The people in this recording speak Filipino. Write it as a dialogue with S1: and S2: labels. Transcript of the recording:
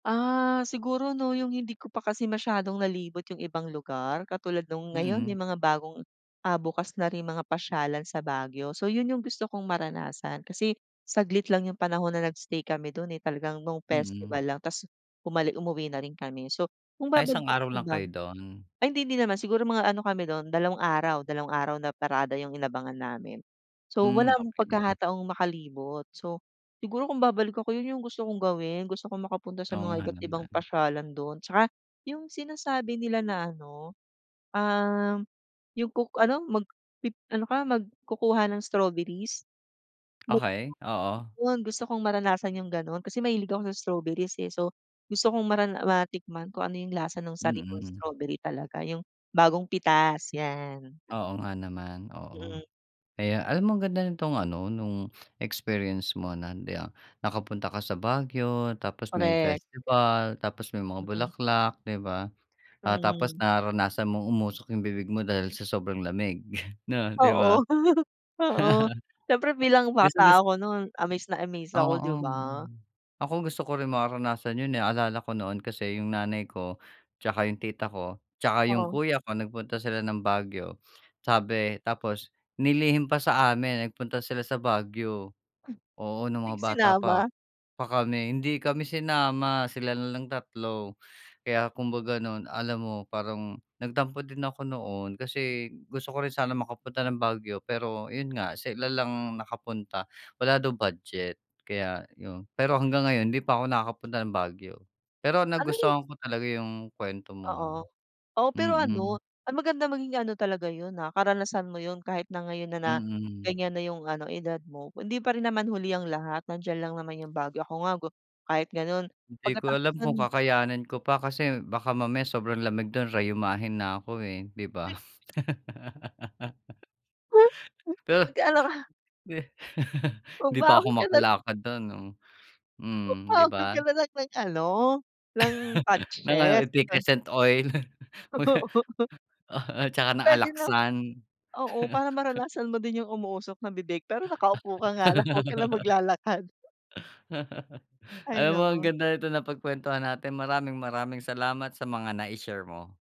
S1: Ah, siguro 'no yung hindi ko pa kasi masyadong nalibot yung ibang lugar katulad nung ngayon
S2: Mm.
S1: yung mga bagong, ah, bukas na rin mga pasyalan sa Baguio. So, 'yon yung gusto kong maranasan kasi saglit lang yung panahon na nag-stay kami do'n, eh, talagang nung
S2: Mm.
S1: festival lang tapos bumalik umuwi na rin kami. So, kung
S2: Ay, isang
S1: babalik ako
S2: araw
S1: sa
S2: lang kayo
S1: Baguio
S2: do'n?
S1: ay hindi din naman siguro mga ano kami do'n dalawang araw, dalawang araw na parada yung inabangan namin. So,
S2: Hmm,
S1: wala
S2: okey.
S1: pagkakataong makalibot, so siguro kung babalik ako, yun yung gusto kong gawin gusto kong makapunta sa
S2: Oo
S1: mga
S2: nga
S1: iba't ibang
S2: naman.
S1: pasyalan do'n. Tsaka yung sinasabi nila na ano, ah, yung kuk ano magpi ano ka mag kukuha ng strawberries, mag
S2: Okey, oo.
S1: 'yon gusto kong maranasan yung gano'n kasi mahilig ako sa strawberries, eh. So, gusto kong marana matikman kung ano yung lasa ng sarili mong
S2: Mm.
S1: strawberry talaga, yung bagong pitas 'yan.
S2: Oo nga naman, oo.
S1: Mhm.
S2: Kaya, alam mo ang ganda nitong ano, nung experience mo na, ah, nakapunta ka sa Baguio, tapos may
S1: Correct.
S2: festival, tapos may mga
S1: Mhm.
S2: bulaklak, di ba? Ah, tapos
S1: Mhm.
S2: naranasan mong umusok yung bibig mo dahil sa sobrang lamig, 'no, 'di ba?
S1: Oo, oo, siyempre bilang
S2: Gustong-gus
S1: bata ako no'n amaze na amaze ako,
S2: oo.
S1: di ba?
S2: Ako gusto ko rin mararanasan yo'n, eh, naalala ko noon kasi yung nanay ko, tsaka yung tita ko, tsaka yung
S1: Oh.
S2: kuya ko, nagpunta sila ng Baguio, sabi tapos nilihim pa sa amin nagpunta sila sa Baguio. Oo, nung
S1: Hmm.
S2: mga bata pa a
S1: Sinama.
S2: pa kami hindi kami sinama sila nalang 3. Kaya kumbaga noon, alam mo parang nagtampo din ako noon kasi gusto ko rin sana makapunta ng Baguio pero 'yon nga sila lang nakapunta wala daw budget kaya 'yon. Pero hanggang ngayon hindi pa ako nakakapunta ng Baguio pero
S1: Ano yung
S2: nagustuhan ko talaga yung kuwento mo
S1: Oo,
S2: ha,
S1: oo pero ano
S2: mm.
S1: maganda maging ano talaga 'yon, ah. Karanasan mo 'yon kahit na ngayon na na
S2: Mm.
S1: gan'yan na yung ano edad mo hindi pa rin naman huli ang lahat nandiyan lang naman yung Baguio. Ako nga kahit gano'n
S2: Di ko
S1: pagkatapos
S2: alam kung
S1: nun
S2: kakayanin ko pa kasi baka mamaya sobrang lamig dun rayumahin na ako, eh, di ba? Pero.
S1: Mag-aano ka.
S2: Hindi pa
S1: Magbaon
S2: ako
S1: ka na.
S2: makalakad dun 'no? Mhm, di
S1: Magbaon
S2: ba?
S1: kana lang ng ano ng
S2: Nang ano?
S1: patches.
S2: Efficascent oil? Mag ah, oh, tsaka ng
S1: Puwede na.
S2: Alaxan.
S1: Oo para maranasan mo din yung umuusok ng bibig pero nakaupo ka nga lang, 'wag ka na maglalakad. Hay
S2: Alam mo ang
S1: naku.
S2: ganda nitong napagkwentuhan natin. Maraming, maraming salamat sa mga nai-share mo.